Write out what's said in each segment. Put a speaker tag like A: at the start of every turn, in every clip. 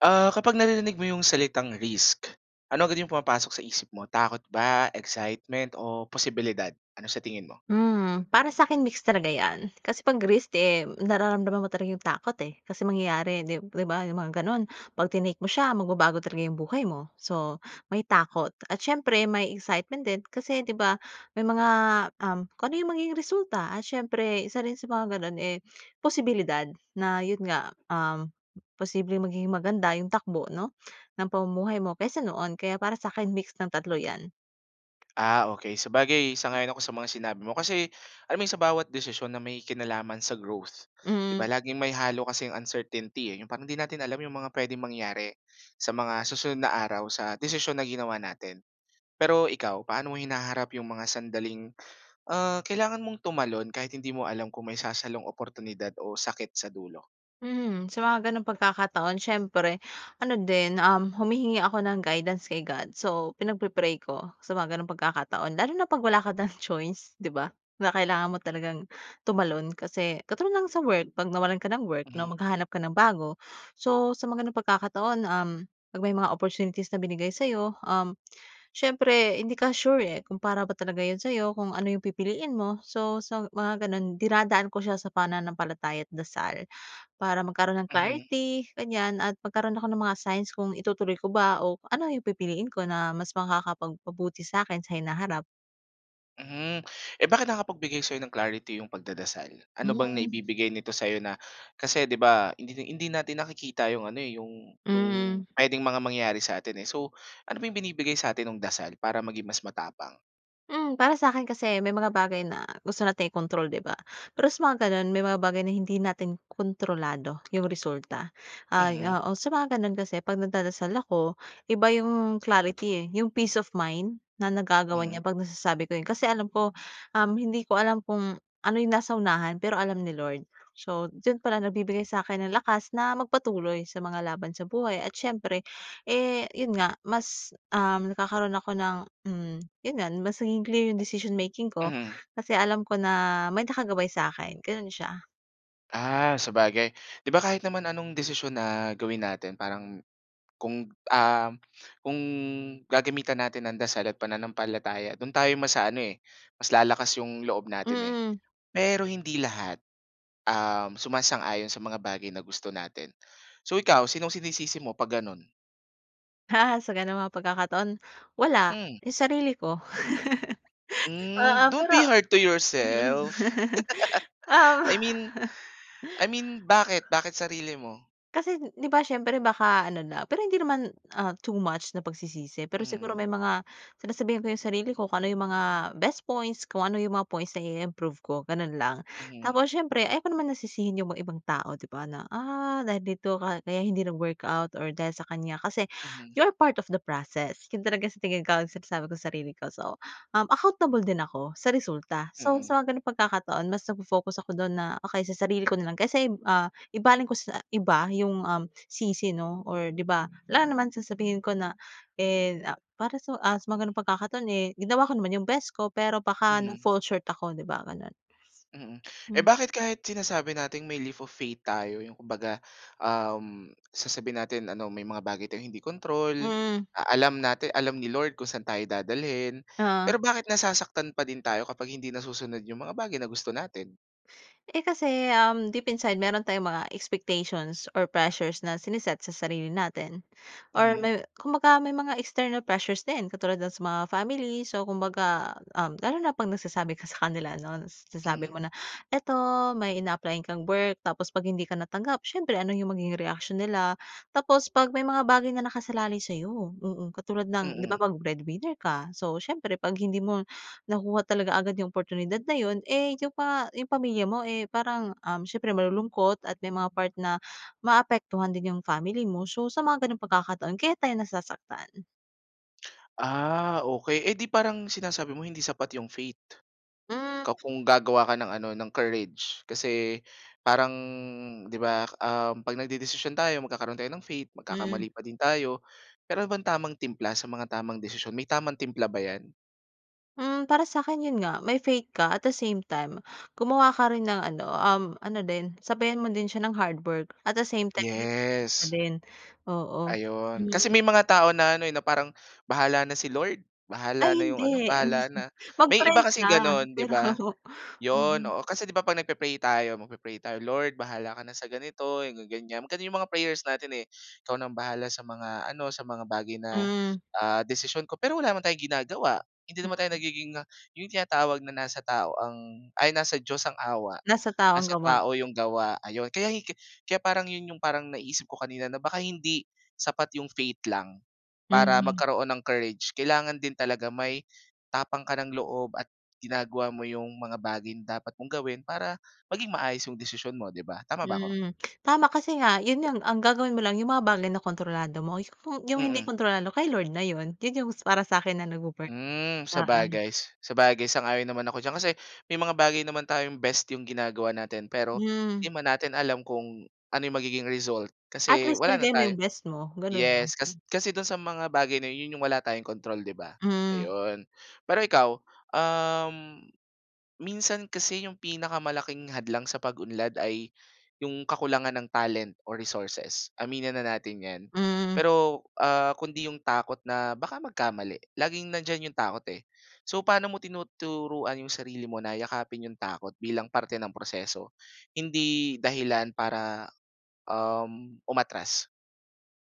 A: Ah, kapag naririnig mo 'yong salitang "Risk," ano agad 'yong pumapasok sa isip mo, takot ba, excitement o posibilidad? Ano sa tingin mo?
B: Hmm, para sa'kin, mix talaga 'yan. Kasi 'pag risk eh nararamdaman mo talaga 'yong takot eh. Kasi, mangyayari di diba 'yong mga gano'n, pagtinake mo siya magbabago talaga 'yong buhay mo. So, may takot at siyempre may excitement din kasi di ba, may mga um, kung ano 'yong magiging resulta at siyempre isa rin sa mga gano'n eh, posibilidad na yo'n nga uhm, posibleng magiging maganda 'yong takbo, 'no, ng pamumuhay mo kaysa noon. Kaya para sa'kin, mix ng tatlo 'yan.
A: Ah, okay. Sabagay, sang-ayon ako sa mga sinabi mo. Kasi alam mo sa bawat desisyon na may kinalaman sa growth, di ba
B: Mhm.
A: laging may halo kasi ang uncertainty eh. 'Yong parang 'di natin alam 'yong mga puwedeng mangyari sa mga susunod na araw sa desisyon na ginawa natin. Pero ikaw, paano mo hinaharap 'yong mga sandaling ah, kailangan mong tumalon kahit hindi mo alam kung may sasalong oportunidad o sakit sa dulo?
B: Mhm. Sa mga ganoong pagkakataon, siyempre ano din uhm, humihingi ako ng guidance kay God. So, pinagpi-pray ko sa mga ganoong pagkakataon. Lalo na 'pag wala ka ng choice, di ba? Na kailangan mo talagang tumalon. Kasi katulad lang sa work, 'pag nawalan ka ng work 'no,
A: Mhm.
B: maghahanap ka ng bago. So, sa mga gano'ng pagkakataon uhm, 'pag may mga opportunities na binigay sa'yo uhm, siyempre hindi ka sure eh, kung para ba talaga 'yon sa'yo, kung ano 'yong pipiliin mo. So so sa mga gano'n, dinadaan ko siya sa pananampalataya at dasal. Para magkaroon ng
A: Mhm.
B: clarity ganiyan, at magkaroon ako ng mga signs kung itutuloy ko ba, o ano 'yong pipiliin ko na mas makakapagpabuti sa'kin sa hinaharap.
A: Mhm. Eh, bakit nakakapagbigay sa'yo ng clarity yung pagdadasal? Ano bang
B: [unintelligible]
A: naibibigay nito sayo na kasi 'di ba, hindi hindi natin nakikita yung ano eh, yung yung
B: Mhm.
A: puwedeng mga mangyari sa atin eh. So, ano ba yung binibigay sa atin no'ng dasal, para maging mas matapang?
B: Hmm, para sa'kin kasi, may mga bagay na, gusto nating i-kontrol 'di ba? Pero sa mga ganun, may mga bagay na hindi natin kontrolado, yung resulta. Ay,
A: Mhm.
B: oo. Sa mga ganun kasi, 'pag nagdadasal ako, iba yung clarity eh, yung peace of mind, na nagagawa
A: Mm.
B: niya 'pag nasasabi ko 'yon. Kasi alam ko um, hindi ko alam kung ano yung nasa unahan, pero alam ni Lord. So, do'n palang nagbibigay sa akin ng lakas na magpatuloy sa mga laban sa buhay at siyempre, eh yun nga, mas um, nagkakaroon ako ng hmm, yun nga, mas nagiging clear yung decision making ko,
A: Mm.
B: kasi alam ko na, may nakagabay sa'kin. Gano'n siya.
A: Ah, sabagay. 'Di ba kahit naman anong desisyon na gawin natin parang kung, um, kung gagamitan natin ng dasal at pananampalataya, do'n tayo mas a-aano eh mas lalakas yung loob natin eh.
B: Mm.
A: Pero hindi lahat, um, sumasang-ayon sa mga bagay na gusto natin. So ikaw, sinong sinisisi mo 'pag gano'n?
B: Sa ganoong mga pagkakataon, wala,
A: Hmm.
B: 'yong sarili ko.
A: Hmm.
B: Oo,
A: Don't
B: pero
A: be hard to
B: mhm,
A: yourself.
B: oo.
A: I mean I mean, bakit bakit sarili mo?
B: Kasi, 'di ba siyempre baka ano na, pero hindi naman ah, too much na pagsisisi. Pero siguro
A: Mhm.
B: may mga sinasabihan ko 'yong sarili ko kung ano 'yong mga best points, kung ano 'yong mga points na i-improve ko, gano'n lang.
A: Mhm.
B: Tapos siyempre, ayaw ko naman na sisihin 'yong mga ibang tao 'di ba, na, "Ah dahil dito ka kaya hindi nag-workout or dahil sa kanya". Kasi
A: Mhm.
B: you're part of the process, 'yon talaga sa tingin ko ang sinasabi ko sa sarili ko. So, uhm, accountable din ako sa resulta. So, sa
A: Mhm.
B: mga ganoong pagkakataon mas nagfo-focus ako do'n na, okey sa sarili ko na lang, kaysa ah, ibaling ko sa iba 'yong uhm, sisi, 'no, or 'di ba, alangan namang sasabihin ko na eh, ah para sa, ah, sa mga gano'ng pagkakataon eh ginawa ko naman 'yong best ko pero baka
A: Mhm.
B: na-fall short ako, 'di ba, gano'n.
A: Mhm. Eh
B: Mm.
A: bakit kahit sinasabi natin may leap of faith tayo, 'yong kumbaga uhm, sasabihin natin ano may mga bagay tayong hindi kontrol,
B: Mhm.
A: a alam natin, alam ni Lord kung saan tayo dadalhin.
B: Oo.
A: Pero bakit nasasaktan pa din tayo kapag hindi nasusunod 'yong mga bagay na gusto natin?
B: Eh kasi uhm, deep inside meron tayong mga expectations or pressures na sine-set sa sarili natin. Or
A: Mhm.
B: may 'kumbaga may mga external pressures din katulad ng sa mga family. So 'kumbaga, uhm lalo na 'pag nagsasabi ka sa kanila ano.
A: Mm.
B: Sinasabi mo na, 'eto may ina-apply-an kang work tapos 'pag hindi ka natanggap siyempre ano yung magiging reaksiyon nila? Tapos 'pag may mga bagay na nakasalalay sa'yo. Mhm, katulad ng di ba
A: Mhm.
B: 'pag breadwinner ka. So siyempre, 'pag hindi mo nakuha talaga agad yung oportunidad na yun, eh yun pa yung pamilya mo eh parang uhm, siyempre malulungkot at may mga part na maapektuhan din yung family mo. So sa mga gano'ng pagkakataon kaya tayo nasasaktan.
A: Ah, okey edi parang sinasabi mo hindi sapat yung faith. Ka
B: [unintelligible]
A: kung gagawa ka ng ano, ng courage. Kasi parang, 'di ba uhm, 'pag nagdedesisyon tayo magkakaroon tayo ng faith,
B: Mhm.
A: magkakamali pa din tayo. Me'ron bang tamang timpla sa mga tamang desisyon? May tamang timpla ba yan?
B: Hmm, para sa akin yun nga, may faith ka. At the same time, gumawa ka rin ng ano uhm ano din sabayan mo din siya ng hard work. At the same time din
A: Yes.
B: [unintelligible] din, oo.
A: Ayun, kasi
B: Hmm.
A: may mga tao na ano na eh, parang bahala na si Lord.
B: Ay,
A: Bahala na yung ano,
B: hindi!
A: bahala na. May iba
B: Mag-pray
A: kasi
B: ka
A: gano'n di
B: pero.
A: ba. Yun
B: Mhm.
A: oo. Kasi 'di ba 'pag nagpe-pray tayo, magpe-pray tayo, "Lord bahala ka na sa ganito, mga ganyan." Gano'n yung mga prayers natin eh. "Ikaw na ang bahala sa mga ano, sa mga bagay na
B: Hmm.
A: ah, desisyon ko." Pero wala naman tayong ginagawa. Hindi naman tayo
B: [unintelligible]
A: nagiging ah, yung tinatawag na "Nasa tao ang", ay, "nasa Diyos ang awa,
B: Nasa tao ang
A: nasa
B: gawa.
A: tao 'yung gawa." 'Ayun, kaya hiki kaya parang yun yung parang naisip ko kanina na baka hindi sapat yung faith lang, para
B: Mhm.
A: magkaroon ng courage. Kailangan din talaga may, tapang ka ng loob at ginagawa mo yung mga bagay na dapat mong gawin para maging maayos yung desisyon mo di ba, tama ba ako?
B: Mhm. Tama kasi nga yun nga ang ang gagawin mo lang yung mga bagay na kontrolado mo. Yung hindi
A: Mhm.
B: kontrolado kay Lord na yun. Yun yung para sa'kin na nagwo-work.
A: Uhm,
B: Oo.
A: sabagay. Sabagay, sang-ayon naman ako diyan kasi may mga bagay naman tayong best yung ginagawa natin pero
B: Mhm.
A: 'di man natin alam kung ano yung magiging result
B: At
A: kasi
B: least
A: wala na
B: binigay mo yung
A: tayo.
B: best mo, gano'n lang.
A: Yes, kas
B: [unintelligible]
A: kasi do'n sa mga bagay na yun. Yun yung wala tayong kontrol 'di ba.
B: Mhm.
A: Ayun. Pero ikaw, uhm, minsan kasi yung pinakamalaking hadlang sa pag-unlad ay yung kakulangan ng talent o resources, aminin na natin 'yan.
B: Mhm.
A: Pero ah kundi yung takot na baka magkamali laging nandiyan yung takot eh. So, paano mo tinuturuan yung sarili mo na yakapin yung takot bilang parte ng proseso hindi dahilan para uhm umatras.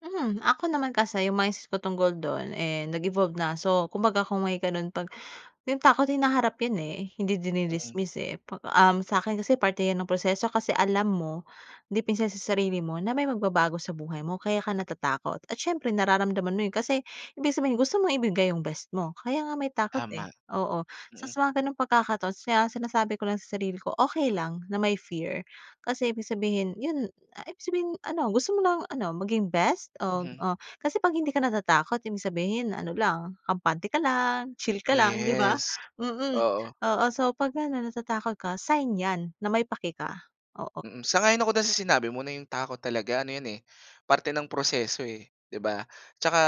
B: Mhm. Ako naman kasi, yung mindset ko tungkol do'n eh, nag-evolve na. So, kumbaga kung may ganun, 'pag yung takot, hinaharap yan eh, hindi
A: Mm.
B: dini-dismiss eh, 'pag um, sa akin kasi parte 'yan ng proseso kasi alam mo, deep inside sa sarili mo na may magbabago sa buhay mo kaya ka natatakot. At siyempre nararamdaman mo 'yon kasi ibig sabihin, gusto mong ibigay yung best mo. Kaya nga may takot
A: Tama.
B: eh. Oo. So,
A: Mm.
B: sa mga gano'ng pagkakataon sina sinasabi ko lang sa sarili ko, "Okey lang na may fear kasi ibig sabihin yun, ah, ibig sabihin ano, gusto mo ng ano, maging best of
A: Mhm.
B: oh" kasi 'pag hindi ka natatakot, ibig sabihin ano lang, kampante ka lang, chill ka lang 'di ba.
A: Yes.
B: Mm,
A: Oo.
B: oo. So, 'pag ganun natatakot ka, sign yan na may pake ka. Oo.
A: Mm, sang-ayon ako do'n sa sinabi mo na yung takot talaga, ano 'yan eh, parte ng proseso eh, 'di ba. Tsaka,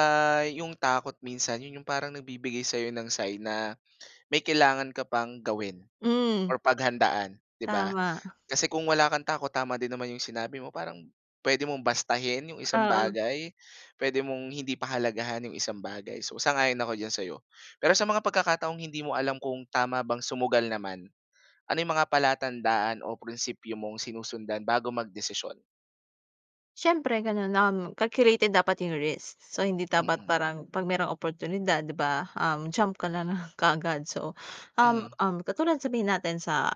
A: 'yong takot minsan, 'yon yung parang nagbibigay sayo ng sign na, may kailangan ka pang gawin
B: Hmm.
A: or paghandaan, 'di ba.
B: Tama.
A: Kasi kung wala kang takot, tama din naman yung sinabi mo, parang, puwede mong bastahin 'yong isang
B: Oo.
A: bagay, puwede mong hindi pahalagahan 'yong isang bagay. So, sang-ayon ako diyan sa 'yo. Pero sa mga pagkakataong hindi mo alam kung tama bang sumugal naman, ano yung mga palatandaan o prinsipio mong sinusundan bago mag-desisyon?
B: Siyempre gano'n, um, calculated dapat 'yong risk. So, hindi dapat
A: Mm.
B: parang, 'pag mayroong oportunidad 'di ba, um, jump ka na lang kaagad. So,
A: Mhm.
B: um-um, katulad sabihin natin sa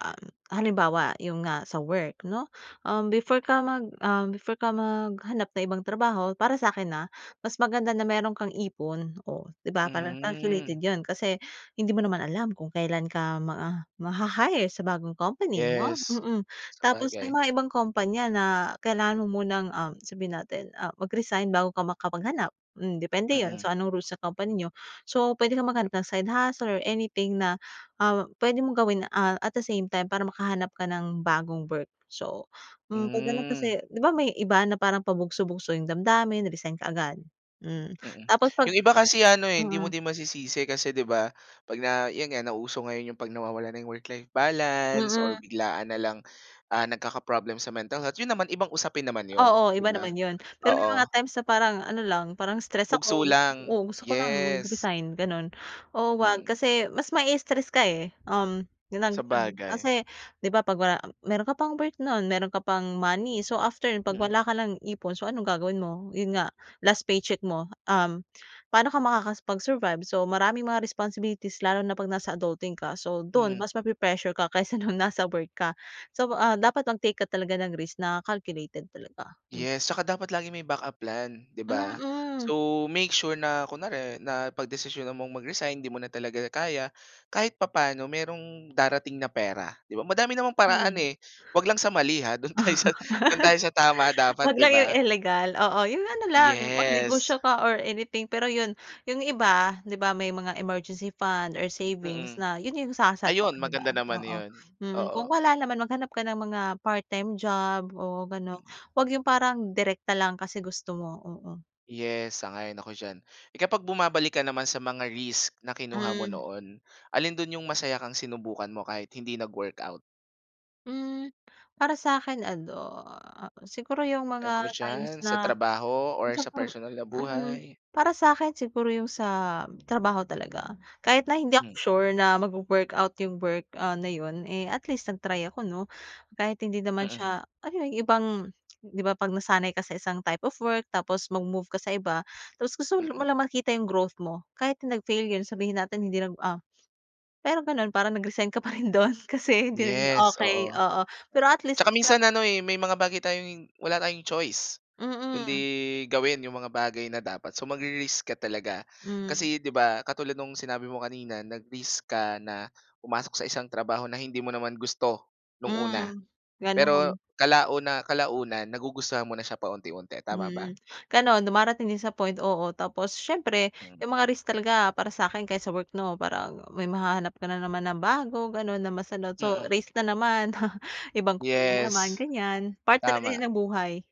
B: halimbawa, 'yong nga sa work 'no, um, before ka mag um, before ka maghanap ng ibang trabaho, para sa'kin ah, mas maganda na mayro'n kang ipon. Oh 'di ba para
A: Hmm.
B: calculated 'yon kasi hindi mo naman alam kung kailan ka ma maha-hire sa bagong company, 'no?
A: Yes.
B: Mm. Tapos may
A: Sabagay.
B: mga ibang kompanya na kailangan mo munang, um, sabihin natin, ah, mag-resign bago ka makapaghanap. Hmm, depende 'yon.
A: Mm.
B: So, anong rules sa company n'yo. So, pwede kang maghanap ng side hustle or anything na, ah, pwede mong gawin, ah, at the same time para makahanap ka ng bagong work. So, hmm, 'pag gano'n
A: Hmm.
B: kasi, 'di ba may iba na parang pabugso-bugso 'yong damdamin, resign kaagad. Hmm,
A: Mm,
B: tapos 'pag
A: 'yong iba kasi ano eh, hindi mo
B: mm.
A: din masisisi kasi 'di ba, 'pag na 'yan nga, nauso ngayon 'yang 'pag nawawala na 'yong work-life balance or
B: Mm.
A: biglaan na lang, ah, nagkaka-problem sa mental health, 'yon naman, ibang usapin naman 'yon,
B: Oo,
A: 'di
B: iba
A: ba?
B: naman 'yon. Pero may mga
A: Oo.
B: times na parang ano lang, parang stress
A: Bugso
B: ako.
A: lang.
B: Oh, gusto ko lang
A: Yes.
B: mag-resign gano'n. Oo, 'wag
A: Mm.
B: kasi mas ma-i-stress ka eh. Um, [unintelligible]
A: Sabagay.
B: Kasi, 'di ba 'pag wala meron ka pang work no'n, meron ka pang money. So, after no'n, 'pag
A: Mm.
B: wala ka ng ipon, so, ano'ng gagawin mo? 'Yon nga, last paycheck mo. Um, paano ka makakapag-survive? So, maraming mga responsibilities lalo na 'pag nasa adulting ka. So, do'n
A: Mm.
B: mas mape-pressure ka kaysa no'ng nasa work ka. So, ah, dapat mag-take ka talaga ng risk na calculated talaga. Hmm.
A: Yes, tsaka dapat laging may backup plan, 'di ba.
B: Mm.
A: So, make sure na kunwari napagdesisyonan mo'ng mag-resign, 'di mo na talaga kaya, kahit papaano, mayro'ng darating na pera, 'di ba. Madami namang paraan
B: [unintelligible]
A: eh. Huwag lang sa mali ha, do'n tayo sa do'n tayo sa tama dapat,
B: 'Wag
A: 'di
B: lang 'yong
A: ba.
B: ilegal. Oo, 'yong ano lang,
A: Yes.
B: mag-negosyo ka or anything pero 'yon. 'Yong iba, 'di ba may mga emergency fund or savings
A: Mm.
B: na, 'yon 'yong sasalo,
A: Ayon,
B: 'di ba,
A: maganda naman
B: oo.
A: 'yon,
B: Mm,
A: oo.
B: kung wala naman, maghanap ka ng mga part time job o gano'n.
A: Mm.
B: 'Wag 'yong parang direkta lang kasi gusto mo, oo.
A: Yes, sang-ayon ako diyan. Eh, kapag bumabalik ka naman sa mga risk na kinuha mo
B: Hmm.
A: noon, alin do'n 'yong masaya kang sinubukan mo kahit hindi nag-workout?
B: Hmm, para sa'kin ano, siguro 'yong mga times
A: [unintelligible] sa
B: na,
A: trabaho or
B: minsan
A: sa
B: parang,
A: personal na
B: mm,
A: buhay?
B: para sakin siguro 'yong sa trabaho talaga. Kahit na hindi
A: Hmm.
B: ako sure na magwo-workout 'yong work ah, na 'yon eh, at least nag-try ako, 'no? Kahit hindi naman
A: Mm.
B: siya ano 'yon ibang 'di ba 'pag nasanay ka sa isang type of work tapos mag-move ka sa iba. Tapos gusto mo
A: Mm.
B: lang makita 'yong growth mo kahit nag-fail yun sabihin natin hindi nag ah pero gano'n parang nag-resign ka pa rin do'n kasi hindi naging
A: Yes,
B: okay,
A: oo,
B: oo, pero
A: oo,
B: at least,
A: tsaka minsan
B: isang
A: ano eh, may mga bagay tayong wala tayong choice kundi
B: Mm.
A: gawin 'yong mga bagay na dapat so magre-risk ka talaga.
B: Hmm.
A: Kasi 'di ba, katulad no'ng sinabi mo kanina nag-risk ka na pumasok sa isang trabaho na hindi mo naman gusto no'ng una
B: Mm,
A: pero
B: gano'n.
A: kalauna kalaunan nagugustuhan mo na siya paunti-unti, tama ba?
B: Mm, gano'n dumarating din sa point, oo, tapos siyempre
A: Mm.
B: 'yong mga risk talaga para sa'kin ka sa work, 'no, parang may mahahanap ka na naman na bago gano'n na mas ano, so,
A: Mm.
B: risk na naman ibang na naman
A: Yes,
B: ganiyan. Part talaga
A: tama.
B: yan ng buhay.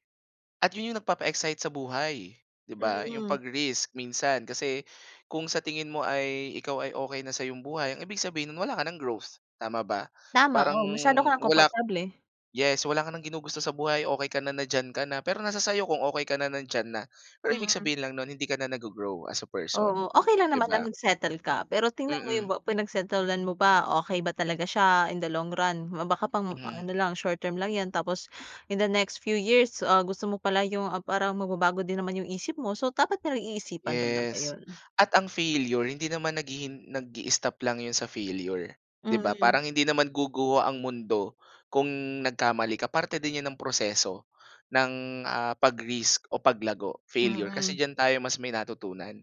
A: At 'yon 'yong nagpapa-excite sa buhay, 'di ba? 'Yong
B: Mhm.
A: 'pag-risk minsan. Kasi kung sa tingin mo ay, ikaw ay okey na sa 'yong buhay, ang ibig sabihin no'n wala ka nang growth, tama ba?
B: Tama.
A: Parang
B: Oh, masyado ka nang
A: wala k
B: komportable.
A: yes, wala ka nang ginugusto sa buhay. Okey ka na, na diyan ka na. Pero nasa sa'yo kung okey ka na, na diyan na. Pero ibig
B: Mhm.
A: sabihin lang no'n, hindi ka na naggo-grow as a person,
B: Oo. Okey lang
A: 'di
B: naman
A: ba?
B: ang mag-settle ka. Pero tingnan mo
A: Mm.
B: 'yong ba pinag-settle-an mo ba. Okey ba talaga siya in the long run? Ma baka pang
A: Mhm.
B: ano lang, short term lang 'yan. Tapos in the next few years, ah, gusto mo pala 'yon, ah parang magbabago din naman 'yong isip mo. So, dapat pinag-iisipan talaga
A: Yes.
B: 'yon.
A: At ang failure, hindi naman naghihin nag-i-stop lang 'yon sa failure, 'di ba?
B: Mhm.
A: Parang hindi naman guguho ang mundo kung nagkamali ka. Parte din 'yan ng proseso, ng ah, pag-risk o paglago, failure. Kasi
B: Mhm.
A: diyan tayo mas may natutunan.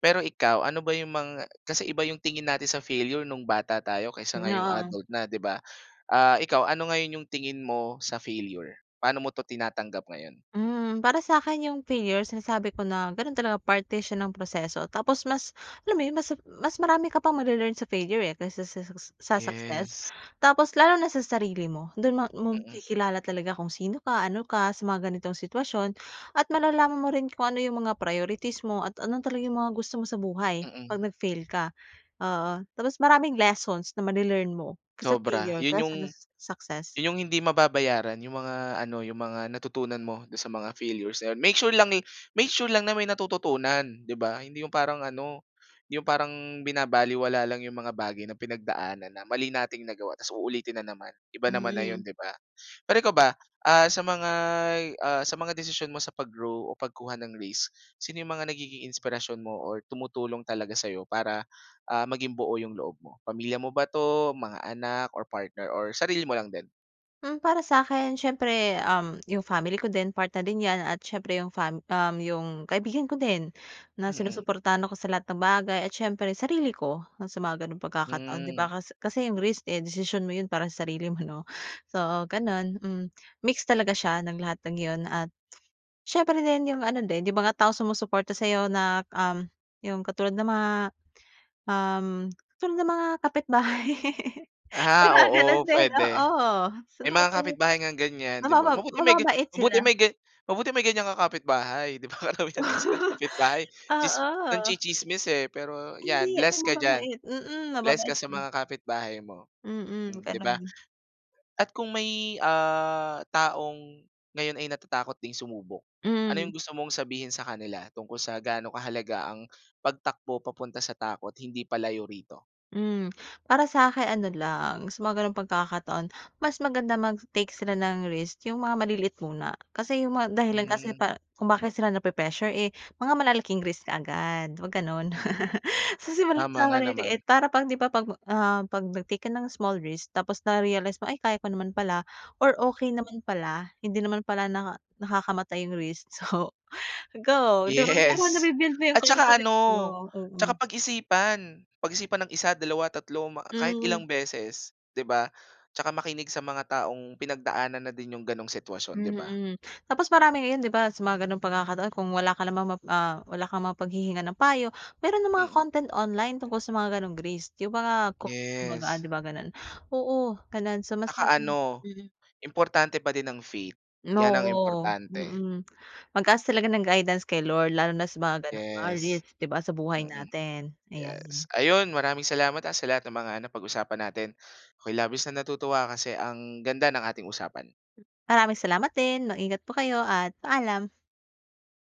A: Pero ikaw, ano ba 'yong mga kasi iba 'yong tingin natin sa failure no'ng bata tayo kaysa
B: Hmm, 'no.
A: ngayong
B: Oo.
A: adult na, 'di ba? Ah, ikaw, ano ngayon 'yong tingin mo sa failure? Paano mo 'to tinatanggap ngayon?
B: Hmm. Para sa'kin 'yong failure, sinasabi ko na, gano'n talaga, parte siya ng proseso. Tapos mas alam mo 'yon, mas mas marami ka pang male-learn sa failure eh, kaysa sa sa sa success.
A: Yes.
B: Tapos lalo na sa sarili mo, do'n ma
A: Mm.
B: mo-makikilala talaga kung sino ka? Ano ka sa mga ganitong sitwasyon at malalaman mo rin kung ano 'yong mga priorities mo at ano talaga 'yong mga gusto mo sa buhay, 'pag
A: Mm.
B: nag-fail ka. Oo. Tapos maraming lessons na ma-le-learn mo sa
A: Sobra.
B: failure,
A: 'Yon
B: kaysa
A: 'yong
B: do'n sa success.
A: 'yon 'yong hindi mababayaran, 'yong mga ano, 'yong mga natutunan mo do'n sa mga failures, ayan. Make sure lang eh make sure lang na may natututunan, 'di ba? Hindi 'yong parang ano hindi 'yong parang binabalewala lang 'yong mga bagay na pinagdaanan na mali nating nagawa, tapos uulitin na naman. Iba naman na 'yon,
B: Mhm.
A: 'di ba? Pero ikaw ba, ah, sa mga'y ah sa mga desisyon mo sa pag-grow o pagkuha ng risk, sino 'yong mga nagiging inspirasyon mo or tumutulong talaga sa'yo para, ah, maging buo 'yong loob mo? Pamilya mo ba 'to, mga anak or partner or sarili mo lang din?
B: Mm, para sa'kin siyempre um, 'yong family ko din part na din yan, at siyempre'yong fam um, 'yong kaibigan ko din, na
A: Mm.
B: sinusuportahan ako sa lahat ng bagay at siyempre sarili ko, na sa mga ganong pagkakataon, 'di
A: Mm.
B: ba? Kas kasi 'yong risk eh, desisyon mo 'yon para sa sarili mo, 'no? So ganun. Mm. Mix talaga siya ng lahat ng yun at siyempre na rin 'yong ano din, yung mga taong sumusuporta sa iyo na um, 'yong katulad ng mga um katulad ng mga kapitbahay.
A: Ah,
B: Diba ganun
A: oo,
B: din?
A: puwede.
B: Oo.
A: May mga
B: [unintelligible]
A: kapitbahay ngang ganyan,
B: Sa
A: 'di ba?
B: mababa
A: Mabuti may gan
B: mababait
A: mabuti
B: sila.
A: may gan mabuti may ganyan kang kapitbahay, 'di ba? Karamihan kasi ng kapitbahay tsis
B: Oo.
A: nangtsi-tsismis eh, pero
B: Hindi
A: 'yan
B: may
A: blessed ka diyan.
B: mababait. Mm
A: Blessed ka
B: mababait,
A: sa
B: mm.
A: mga kapitbahay mo,
B: Mm,
A: mm, 'di ba?
B: ganun.
A: At kung may ah, taong ngayon ay natatakot ding sumubok, ano yung
B: Mm.
A: gusto mong sabihin sa kanila tungkol sa gaano kahalaga ang pagtakbo papunta sa takot, hindi palayo rito?
B: Mm, para sa'kin ano lang, sa mga ganong pagkakataon, mas maganda mag-take sila ng risk yung mga maliliit muna. Kasi yung mga dahilan kasi
A: Mm.
B: pa kung bakit sila nape-pressure eh, mga malalaking risk kaagad, huwag ganun.
A: Mm.
B: So simulan
A: Tama
B: sa
A: nga naman.
B: maliliit para pag 'di ba pag ah, pag nag-take ka ng small risk tapos na-realize mo ay kaya ko naman pala, or okey naman pala, hindi naman pala naka nakakamatay yung risk so go, 'di ba? Parang
A: Yes.
B: nabi-build mo yung
A: At tsaka
B: confidence mo,
A: ano,
B: oo.
A: tsaka pag-isipan. Pag-isipan ng 1, 2, 3 ma kahit
B: Mm.
A: ilang beses, 'di ba? Tsaka makinig sa mga taong pinagdaanan na din yung ganong sitwasyon, 'di ba?
B: Mm. Tapos marami ngayon 'di ba sa mga gano'ng pagkakataon kung wala ka namang map ah, wala kang mapaghihingan ng payo, meron ng mga
A: Mm.
B: content online tungkol sa mga ganong risk. 'Yong mga, ku kumbaga,
A: Yes.
B: 'di ba ganun? Oo, ganun so mas
A: Tsaka
B: maganda,
A: ano,
B: mm.
A: importante pa din ang faith, 'yan ang
B: Oo,
A: importante.
B: mm. Mag-ask talaga ng guidance kay Lord lalo na sa mga ganong mga
A: Yes.
B: risk, 'di ba sa buhay
A: mm,
B: natin,
A: yes.
B: ayan.
A: Ayun maraming salamat ah, sa lahat ng mga napag-usapan natin. Ako'y labis na natutuwa kasi ang ganda ng ating usapan.
B: Maraming salamat din. Mag-ingat po kayo, at paalam.